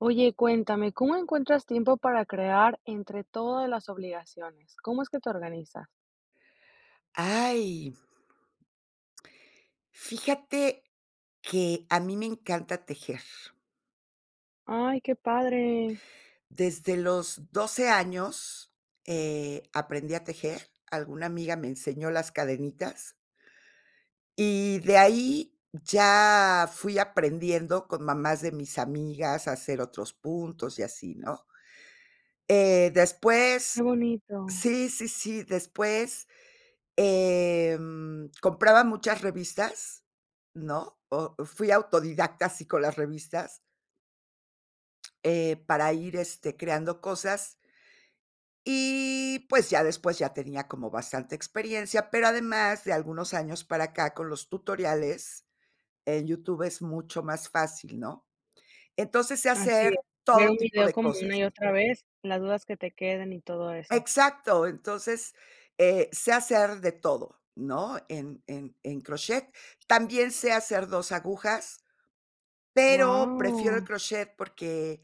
Oye, cuéntame, ¿cómo encuentras tiempo para crear entre todas las obligaciones? ¿Cómo es que te organizas? ¡Ay! Fíjate que a mí me encanta tejer. ¡Ay!, qué padre. Desde los 12 años, eh, aprendí a tejer, alguna amiga me enseñó las cadenitas. Y, de ahí, ya fui aprendiendo con mamás de mis amigas a hacer otros puntos, y así, ¿no? Eh, después Qué bonito. sí, sí, sí, después, eh, mm, compraba muchas revistas, ¿no?, o fui autodidacta así con las revistas eh, para ir, este, creando cosas. Y, pues, ya después, ya tenía como bastante experiencia, pero además de algunos años para acá con los tutoriales, en YouTube, es mucho más fácil, ¿no? Entonces, sé Así es, hacer ver todo un tipo video de como cosas. una y otra vez, las dudas que te queden, y todo eso. Exacto. Entonces, eh, sé hacer de todo, ¿no?, en en en crochet. También sé hacer 2 agujas, pero prefiero el Guau. crochet, porque,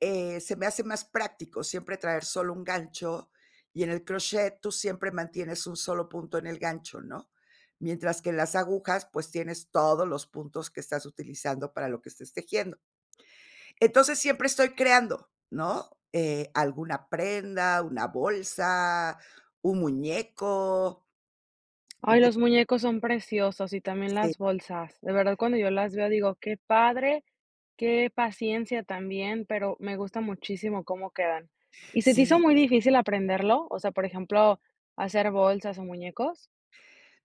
eh, se me hace más práctico siempre traer solo un gancho, y en el crochet tú siempre mantienes un solo punto en el gancho, ¿no? Mientras que en las agujas, pues, tienes todos los puntos que estás utilizando para lo que estés tejiendo. Entonces, siempre estoy creando, ¿no?, eh, alguna prenda, una bolsa, un muñeco. Ay, los muñecos son preciosos y también Sí. las bolsas. De verdad cuando yo las veo digo: "Qué padre, qué paciencia también", pero me gusta muchísimo cómo quedan. ¿Y se te hizo Sí. muy difícil aprenderlo? O sea, por ejemplo, ¿hacer bolsas, o, muñecos?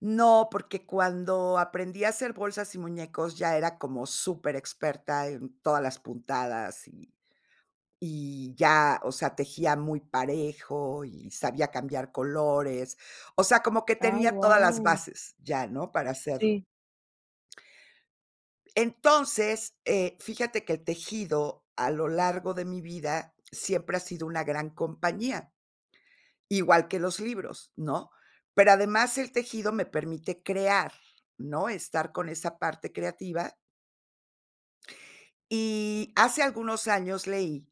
No, porque cuando aprendí a hacer bolsas y muñecos, ya era como superexperta en todas las puntadas, y y ya, o sea, tejía muy parejo, y sabía cambiar colores. O sea, como que Ay, tenía todas las guau. bases ya, ¿no?, para hacerlo. Sí. Entonces, eh, fíjate que el tejido a lo largo de mi vida siempre ha sido una gran compañía. Igual que los libros, ¿no? Pero, además, el tejido me permite crear, ¿no?, estar con esa parte creativa. Y, hace algunos años, leí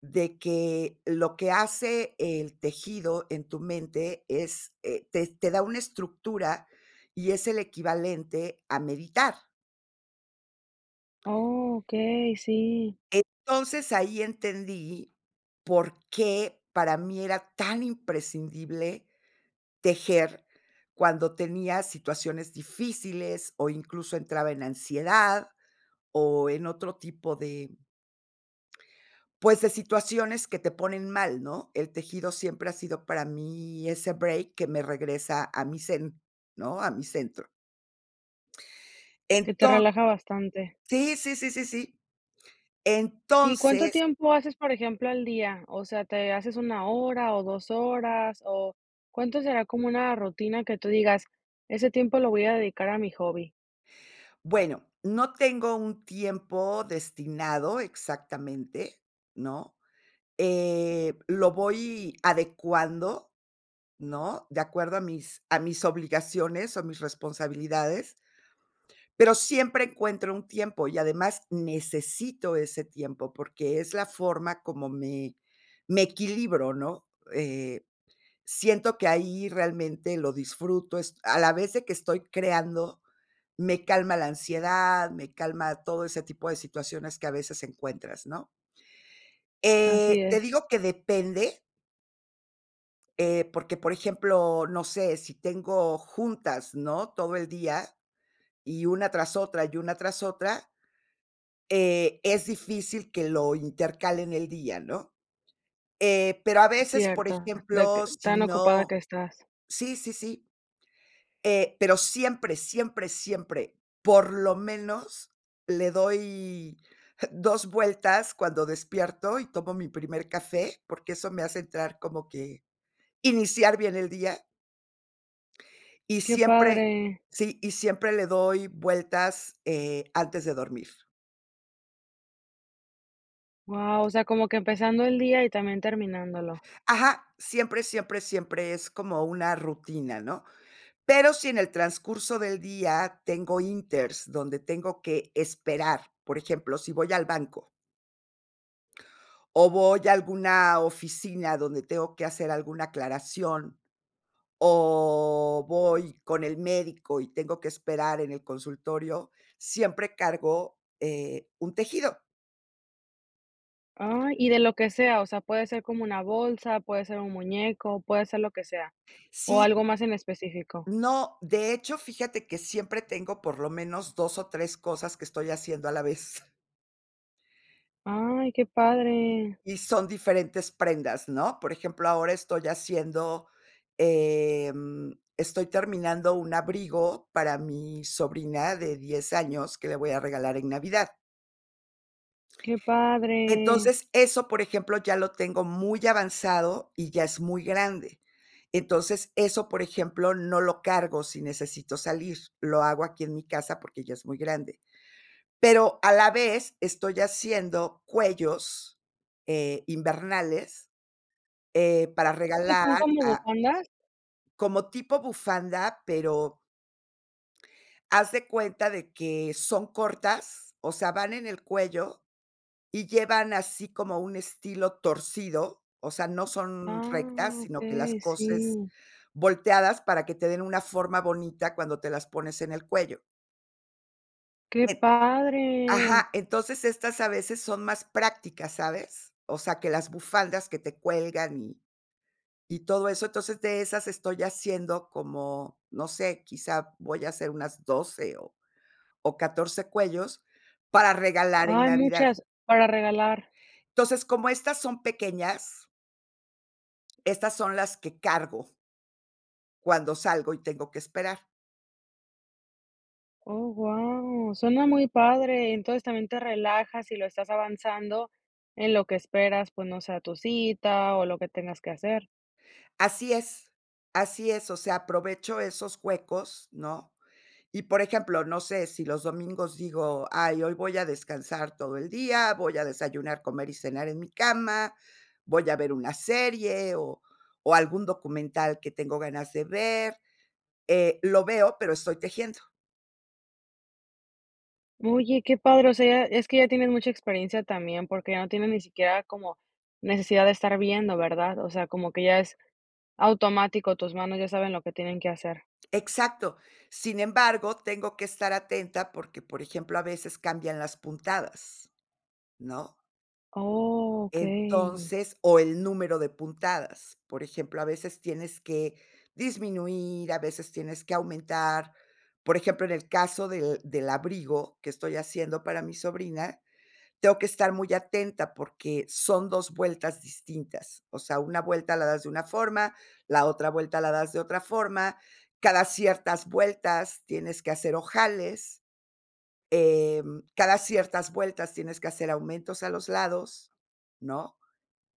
de que lo que hace el tejido en tu mente es, eh, te te da una estructura, y es el equivalente a meditar. Okey, sí. Entonces ahí entendí por qué para mí era tan imprescindible tejer cuando tenía situaciones difíciles, o, incluso, entraba en ansiedad, o, en otro tipo de pues, de situaciones que te ponen mal, ¿no? El tejido siempre ha sido para mí ese break que me regresa a mi zen, ¿no?, a mi centro. Que te Enton relaja bastante. Sí, sí, sí, sí, sí. ¿Y cuánto Entonces tiempo haces, por ejemplo, al día? O sea, ¿te haces 1 hora o 2 horas, o cuánto será como una rutina, que tú digas ese tiempo lo voy a dedicar a mi hobby. Bueno, no tengo un tiempo destinado exactamente, ¿no?, eh, lo voy adecuando, ¿no?, de acuerdo a mis a mis obligaciones, o, a mis responsabilidades. Pero siempre encuentro un tiempo, y además necesito ese tiempo, porque es la forma como me me equilibro, ¿no? Eh, siento que ahí realmente lo disfruto est a la vez de que estoy creando, me calma la ansiedad, me calma todo ese tipo de situaciones que a veces encuentras, ¿no? Así Eh, te es. digo que depende eh, porque, por ejemplo, no sé, si tengo juntas, ¿no?, todo el día, y una tras otra, y una tras otra eh, es difícil que lo intercale en el día, ¿no? Eh, pero a veces, por Cierto, de que ejemplo, si tan ocupada no que estás. sí, sí, sí. Eh, pero siempre, siempre, siempre, por lo menos, le doy 2 vueltas cuando despierto, y tomo mi primer café, porque eso me hace entrar como que iniciar bien el día. Y Qué siempre padre. sí, y siempre le doy vueltas, eh, antes de dormir. Guau, o sea, como que empezando el día, y también terminándolo. Ajá, siempre, siempre, siempre es como una rutina, ¿no? Pero, si en el transcurso del día tengo inters, donde tengo que esperar, por ejemplo, si voy al banco o voy a alguna oficina donde tengo que hacer alguna aclaración, o voy con el médico, y tengo que esperar en el consultorio, siempre cargo, eh, un tejido. Ay, y de lo que sea, o sea, puede ser como una bolsa, puede ser un muñeco, puede ser lo que sea, o algo Sí. más en específico. No, de hecho, fíjate que siempre tengo, por lo menos, 2 o 3 cosas que estoy haciendo a la vez. Ay, qué padre. Y son diferentes prendas, ¿no?, por ejemplo, ahora estoy haciendo, em, estoy terminando un abrigo para mi sobrina de 10 años que le voy a regalar en Navidad. Qué padre. Entonces, eso, por ejemplo, ya lo tengo muy avanzado y ya es muy grande. Entonces, eso, por ejemplo, no lo cargo si necesito salir, lo hago aquí en mi casa porque ya es muy grande. Pero a la vez, estoy haciendo cuellos, eh, invernales, eh, para ¿Creo que regalar son como a bufandas? como tipo bufanda, pero haz de cuenta de que son cortas, o sea, van en el cuello, y llevan así como un estilo torcido, o sea, no son Ah, rectas, sino que las okey. coses Sí. volteadas para que te den una forma bonita cuando te las pones en el cuello. Qué padre. Ajá, entonces estas a veces son más prácticas, ¿sabes?, o sea, que las bufandas que te cuelgan y y todo eso. Entonces, de esas estoy haciendo como, no sé, quizá voy a hacer unas 12 o o 14 cuellos para regalar en Ay, Navidad. muchas, para regalar. Entonces, como estas son pequeñas estas son las que cargo cuando salgo y tengo que esperar. Oh, guau, suena muy padre, entonces también te relajas, y lo estás avanzando en lo que esperas, pues no sé, a tu cita, o en lo que tengas que hacer. Así es, así es, o sea, aprovecho esos huecos, ¿no?, y, por ejemplo, no sé, si los domingos digo: "Ay, hoy voy a descansar todo el día, voy a desayunar, comer, y cenar en mi cama, voy a ver una serie, o o algún documental que tengo ganas de ver", eh, lo veo, pero estoy tejiendo. Oye, qué padre, o sea, ya es que ya tienes mucha experiencia también, porque ya no tienes ni siquiera como necesidad de estar viendo, ¿verdad?, o sea, como que ya es automático, tus manos ya saben lo que tienen que hacer. Exacto, sin embargo, tengo que estar atenta porque, por ejemplo, a veces cambian las puntadas, ¿no? Oh, okey. Entonces o el número de puntadas. Por ejemplo, a veces tienes que disminuir, a veces tienes que aumentar. Por ejemplo, en el caso del del abrigo que estoy haciendo para mi sobrina, tengo que estar muy atenta, porque son 2 vueltas distintas. O sea, una vuelta la das de una forma, la otra vuelta la das de otra forma, cada ciertas vueltas tienes que hacer ojales, em, cada ciertas vueltas tienes que hacer aumentos a los lados, ¿no?,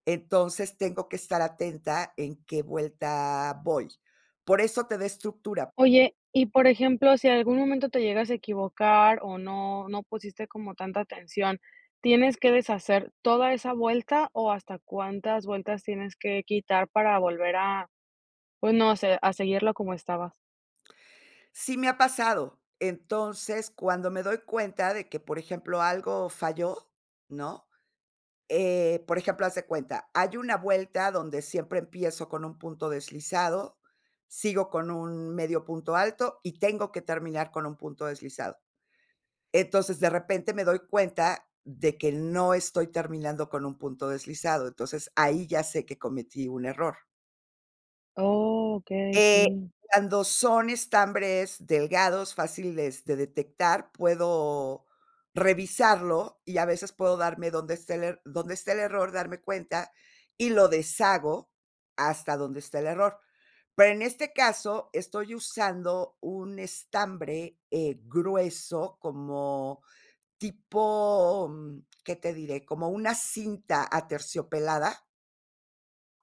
entonces, tengo que estar atenta en qué vuelta voy. Por eso te da estructura. Oye, y por ejemplo, si en algún momento te llegas a equivocar, o no no pusiste como tanta atención, ¿tienes que deshacer toda esa vuelta, o hasta cuántas vueltas tienes que quitar para volver a pues no sé, a seguirlo como estabas? Sí me ha pasado. Entonces, cuando me doy cuenta de que, por ejemplo, algo falló, ¿no? Eh, por ejemplo, haz de cuenta, hay una vuelta donde siempre empiezo con un punto deslizado, sigo con un medio punto alto y tengo que terminar con un punto deslizado. Entonces, de repente me doy cuenta de que no estoy terminando con un punto deslizado, entonces ahí ya sé que cometí un error. Okey, Eh, sí. cuando son estambres delgados, fáciles de detectar, puedo revisarlo y a veces puedo darme donde esté el er donde esté el error, darme cuenta, y lo deshago hasta donde está el error. Pero en este caso estoy usando un estambre, eh, grueso, como tipo, mm, ¿qué te diré? Como una cinta aterciopelada.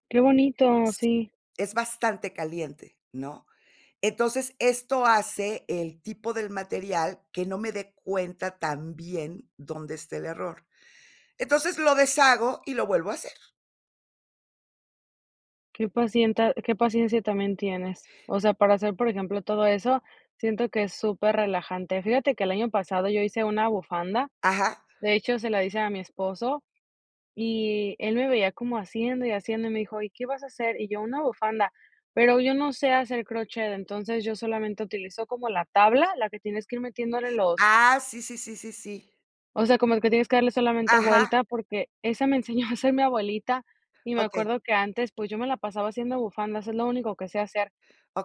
Qué bonito, Sí, sí. es bastante caliente, ¿no? Entonces, esto hace el tipo del material que no me dé cuenta tan bien dónde está el error. Entonces, lo deshago, y lo vuelvo a hacer. Qué pacienta qué paciencia también tienes. O sea, para hacer, por ejemplo, todo eso, siento que es superrelajante. Fíjate que el año pasado yo hice una bufanda. Ajá. De hecho, se la hice a mi esposo y él me veía como haciendo, y haciendo, y me dijo: "¿Y qué vas a hacer?", y yo: "Una bufanda", pero yo no sé hacer crochet, entonces yo solamente utilizo como la tabla, la que tienes que ir metiéndole los Ah, sí, sí, sí, sí, sí. o sea, como el que tienes que darle solamente Ajá. vuelta, porque esa me enseñó a hacer mi abuelita, y me Okey. acuerdo que antes, pues, yo me la pasaba haciendo bufandas, es lo único que sé hacer,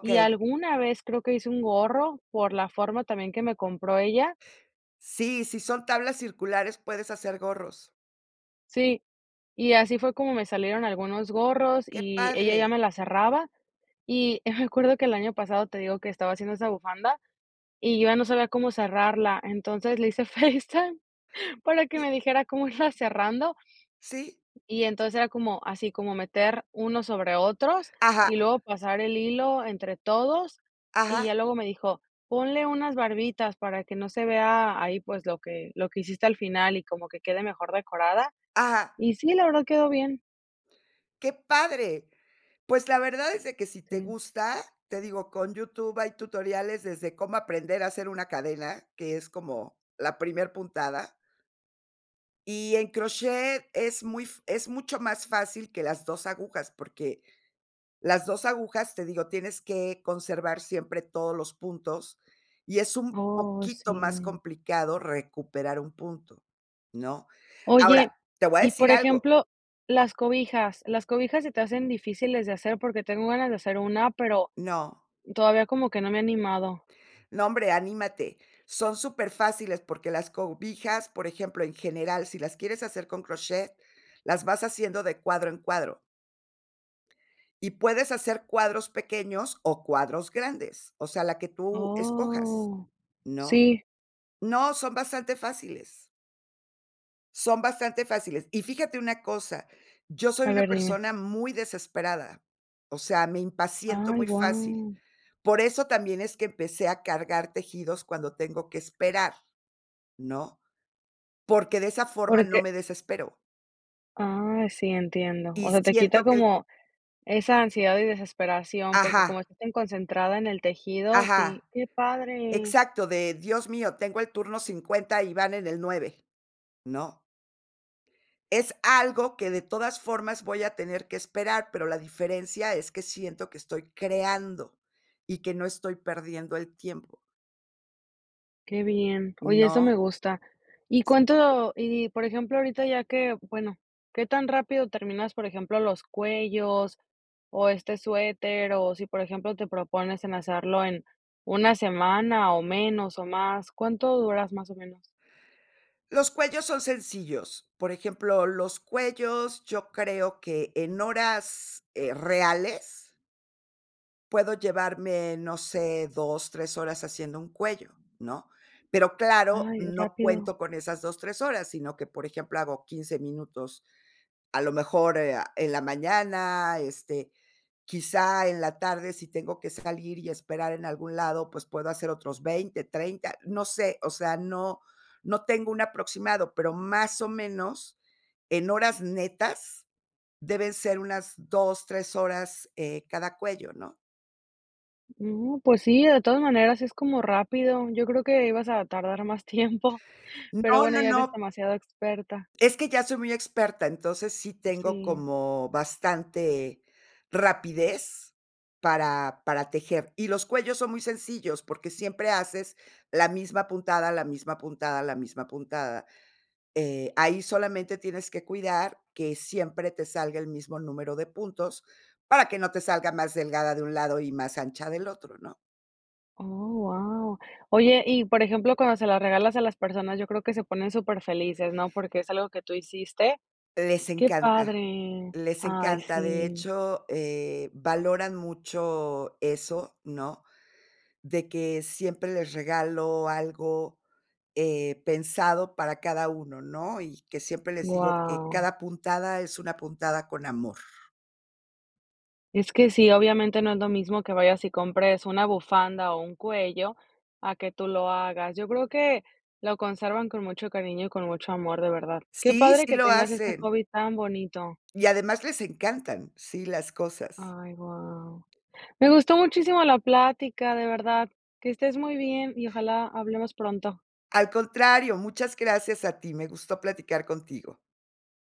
y alguna vez creo que hice un gorro por la forma también que me compró ella. Sí, si son tablas circulares puedes hacer gorros. Sí, y así fue como me salieron algunos gorros Qué y ella ya padre. me la cerraba, y me acuerdo que el año pasado, te digo que estaba haciendo esa bufanda, y yo ya no sabía cómo cerrarla, entonces le hice FaceTime para que me dijera cómo irla cerrando, Sí. y entonces era como así como meter uno sobre otros, Ajá. y luego pasar el hilo entre todos, y Ajá. ya luego me dijo: "Ponle unas barbitas para que no se vea ahí, pues, lo que lo que hiciste al final, y como que quede mejor decorada". Ajá. Y sí, la verdad quedó bien. Qué padre. Pues, la verdad es de que si te Sí. gusta, te digo, con YouTube hay tutoriales desde cómo aprender a hacer una cadena, que es como la primer puntada y en crochet es muy f es mucho más fácil que las 2 agujas, porque las 2 agujas, te digo, tienes que conservar siempre todos los puntos, y es un Oh, poquito más sí. complicado recuperar un punto, ¿no? Oye, Ahora, te voy a y decir por algo ejemplo, las cobijas, las cobijas se te hacen difíciles de hacer porque tengo ganas de hacer una, pero No. todavía como que no me he animado. No, hombre, anímate, son superfáciles porque las cobijas, por ejemplo, en general, si las quieres hacer con crochet, las vas haciendo de cuadro en cuadro y puedes hacer cuadros pequeños o cuadros grandes, o sea, la que tú escojas, Oh. ¿no? Sí. No, son bastante fáciles. Son bastante fáciles. Y fíjate una cosa, yo soy A una ver, dime. persona muy desesperada, o sea, me impaciento Ay, muy fácil. guau. Por eso también es que empecé a cargar tejidos cuando tengo que esperar, ¿no?, porque de esa forma no Porque me desespero. Ah, sí, entiendo. O Y sea, te quita siento que como esa ansiedad y desesperación, porque como Ajá. estás tan concentrada en el tejido. Sí. Ajá. ¡Qué padre! Exacto, de, Dios mío, tengo el turno 50 y van en el 9, ¿no? Es algo que, de todas formas, voy a tener que esperar, pero la diferencia es que siento que estoy creando, y que no estoy perdiendo el tiempo. Qué bien. Oye, eso me ¿No? gusta. ¿Y cuánto? Y, por ejemplo, ahorita ya que bueno, ¿qué tan rápido terminas, por ejemplo, los cuellos, o este suéter? O si, por ejemplo, te propones en hacerlo en 1 semana, o menos, o más, ¿cuánto duras, más o menos? Los cuellos son sencillos. Por ejemplo, los cuellos, yo creo que en horas, eh, reales puedo llevarme, no sé, 2, 3 horas haciendo un cuello, ¿no?, pero claro, Ay, no rápido. cuento con esas 2, 3 horas, sino que, por ejemplo, hago 15 minutos, a lo mejor, eh, ah, en la mañana, este, quizá en la tarde si tengo que salir y esperar en algún lado, pues puedo hacer otros 20, 30, no sé, o sea, no no tengo un aproximado, pero más o menos, en horas netas, deben ser unas 2, 3 horas, eh, cada cuello, ¿no? No, pues sí, de todas maneras es como rápido. Yo creo que ibas a tardar más tiempo. Pero No, bueno, no, ya eres no. demasiado experta. Es que ya soy muy experta, entonces sí Pues, tengo sí. como bastante rapidez para para tejer. Y los cuellos son muy sencillos, porque siempre haces la misma puntada, la misma puntada, la misma puntada. Eh, ahí solamente tienes que cuidar que siempre te salga el mismo número de puntos para que no te salga más delgada de un lado, y más ancha del otro, ¿no? Oh, guau. Oye, y, por ejemplo, cuando se las regalas a las personas, yo creo que se ponen superfelices, ¿no? Porque es algo que tú hiciste. Les Qué encanta, padre. les Ay, encanta, de sí. hecho, eh, valoran mucho eso, ¿no? De que siempre les regalo algo, eh, pensado para cada uno, ¿no? Y que siempre les digo que Guau. cada puntada es una puntada con amor. Es que sí, obviamente, no es lo mismo que vayas y compres una bufanda, o, un cuello a que tú lo hagas. Yo creo que lo conservan con mucho cariño y con mucho amor, de verdad. Qué Sí, padre sí que lo tengas este hacen. hobby tan bonito. Y además les encantan, sí, las cosas. Ay, guau. Me gustó muchísimo la plática, de verdad. Que estés muy bien, y ojalá hablemos pronto. Al contrario, muchas gracias a ti, me gustó platicar contigo.